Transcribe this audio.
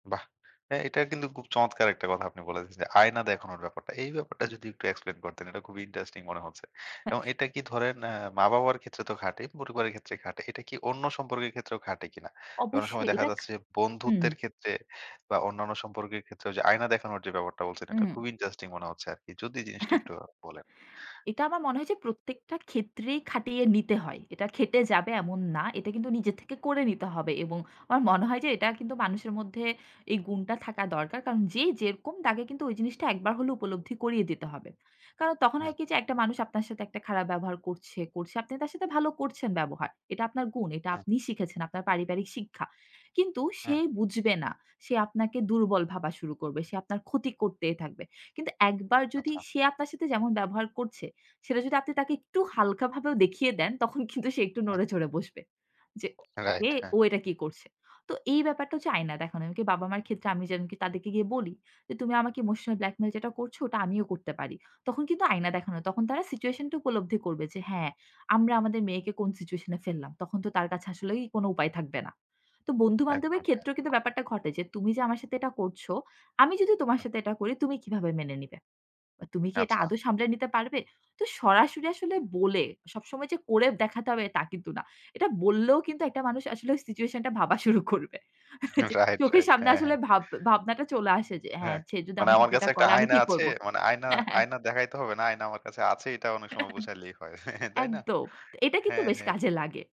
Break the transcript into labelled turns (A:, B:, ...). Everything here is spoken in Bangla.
A: বাহ! হ্যাঁ, এটা কিন্তু খুব চমৎকার একটা কথা আপনি বলেছেন, যে আয়না দেখানোর ব্যাপারটা। এই ব্যাপারটা যদি একটু explain করতেন এটা খুবই interesting মনে হচ্ছে।
B: হ্যাঁ।
A: এবং এটা কি ধরেন অ্যা মা-বাবার ক্ষেত্রে তো খাটেই, পরিবারের ক্ষেত্রে খাটে। এটা কি অন্য সম্পর্কের ক্ষেত্রেও খাটে কিনা? যে অনেক সময়
B: অবশ্যই
A: দেখা
B: এটা
A: যাচ্ছে, যে
B: হু, হুম।
A: বন্ধুত্বের ক্ষেত্রে বা অন্যান্য সম্পর্কের ক্ষেত্রেও ঐ যে আয়না দেখানোর যে ব্যাপারটা বলছেন, এটা
B: উম
A: খুবই interesting মনে হচ্ছে আরকি। যদি এই জিনিসটা একটু বলেন।
B: এটা আমার মনে হয় যে প্রত্যেকটা ক্ষেত্রেই খাটিয়ে নিতে হয়। এটা খেটে যাবে এমন না। এটা কিন্তু নিজের থেকে করে নিতে হবে এবং আমার মনে হয় যে এটা কিন্তু মানুষের মধ্যে এই গুণটা থাকা দরকার। কারণ যেই যেরকম তাকে কিন্তু ওই জিনিসটা একবার হলে উপলব্ধি করিয়ে দিতে হবে। কারণ তখন
A: হ্যাঁ।
B: হয় কি যে একটা মানুষ আপনার সাথে একটা খারাপ ব্যবহার করছে, করছে। আপনি তার সাথে ভালো করছেন ব্যবহার। এটা আপনার গুণ। এটা
A: হ্যাঁ।
B: আপনি শিখেছেন, আপনার পারিবারিক শিক্ষা। কিন্তু সে
A: হ্যাঁ।
B: বুঝবে না। সে আপনাকে দুর্বল ভাবা শুরু করবে। সে আপনার ক্ষতি করতেই থাকবে। কিন্তু একবার যদি
A: আচ্ছা।
B: সে আপনার সাথে যেমন ব্যবহার করছে, সেটা যদি আপনি তাকে একটু হালকাভাবেও দেখিয়ে দেন তখন কিন্তু সে একটু
A: হুম।
B: নড়ে চড়ে বসবে। যে
A: রাইট
B: এ
A: হ্যাঁ।
B: ও এটা কি করছে? তো এই ব্যাপারটা হচ্ছে আয়না দেখানো। এমন কি বাবা-মার ক্ষেত্রে আমি যেন কি তাদেরকে গিয়ে বলি, যে তুমি আমাকে ইমোশনাল ব্ল্যাকমেইল যেটা করছ ওটা আমিও করতে পারি। তখন কিন্তু আয়না
A: [unintelligible]
B: দেখানো। তখন তারা situation টি উপলব্ধি করবে যে হ্যাঁ, আমরা আমাদের মেয়েকে কোন সিচুয়েশন এ ফেললাম। তখন তো তার কাছে আসলেই কোন উপায় থাকবে না। তো বন্ধু-বান্ধবের
A: একদম হ্যাঁ।
B: ক্ষেত্রেও কিন্তু ব্যাপারটা ঘটে যে, "তুমি যে আমার সাথে এটা করছ, আমি যদি তোমার
A: হুম।
B: সাথে এটা করি তুমি কিভাবে মেনে নিবে? তুমি কি এটা
A: আচ্ছা।
B: আদৌ সামলে নিতে পারবে?" তো সরাসরি আসলে বলে, সবসময় যে করে দেখাতে হবে তা কিন্তু না। এটা বললেও কিন্তু একটা মানুষ আসলে ওই situation টা ভাবা শুরু করবে। যে
A: রাইট,
B: চোখের
A: রাইট।
B: সামনে
A: হ্যাঁ,
B: আসলে
A: হ্যাঁ।
B: ভাব ভাবনাটা চলে আসে যে হ্যাঁ,
A: হ্যাঁ,
B: সে যদি
A: মানে
B: আমার
A: আমার
B: সাথে
A: কাছে
B: এটা
A: একটা
B: করে আমি
A: আয়না
B: কি
A: আছে।
B: করব?
A: মানে আয়না
B: হ্যাঁ, হ্যাঁ।
A: আয়না দেখাইতে হবে না। আয়না আমার কাছে আছে এটা অনেক সময় বুঝাইলেই হয়। তাই না?
B: একদম এটা কিন্তু
A: হ্যাঁ,
B: বেশ কাজে
A: হ্যাঁ।
B: লাগে।